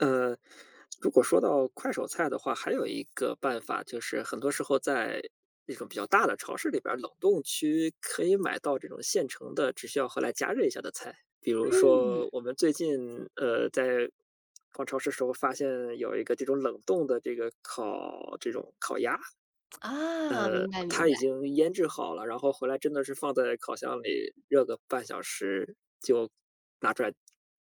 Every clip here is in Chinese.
呃，如果说到快手菜的话，还有一个办法就是很多时候在那种比较大的超市里边儿冷冻区可以买到这种现成的只需要后来加热一下的菜。比如说嗯。我们最近，呃，在逛超市时候，发现有一个这种冷冻的这个烤这种烤鸭。啊，呃，明白明它白。已经腌制好了，然后回来真的是放在烤箱里热个半小时就拿出来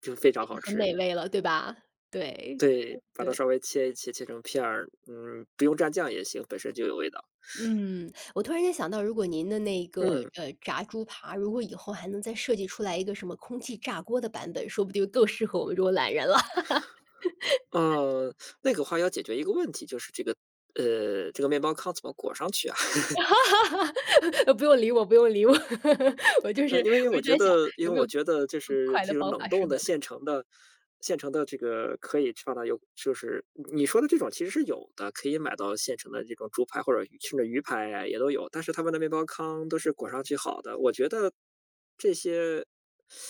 就非常对，好很吃。美味了，对吧？对对，把对它稍对。微切一切，切成片儿，嗯，不用沾酱也行，本身就有味道。嗯，我突然间想到，如果您的那个，嗯。呃，炸猪扒，如果以后还能再设计出来一个什么空气炸锅的版本，说不定更适合我们这种懒人了。嗯，那个话要解决一个问题，就是这个呃，这个面包糠怎么裹上去啊？不用理我不用理我，我就是嗯，因为我我就觉在想得因有为没有我觉得就更是快这的种方冷法适冻合的的。现成的现成的这个可以放到油就是，你说的这种其实是有的，可以买到现成的这种猪排或者甚至鱼排啊也都有。但是它们的面包糠都是裹上去好的，我觉得这些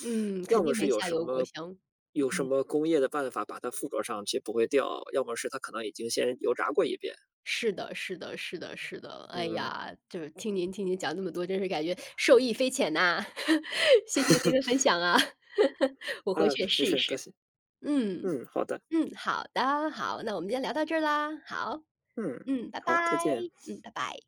嗯，要肯么定是没有下什油锅么香。有什嗯。么工业的办法把它附着上去不会掉，要么是它可能已经先油炸过一遍。是的是的是的是的。哎嗯。呀，就听您听您讲那么多，真是感觉受益匪浅呐。谢谢您的分享啊。我回嗯。去也没试一事，多试。谢。嗯，嗯，好的。嗯，好的，好，那我们先聊到这啦，好。嗯，嗯，拜好，再拜。见。嗯，拜拜。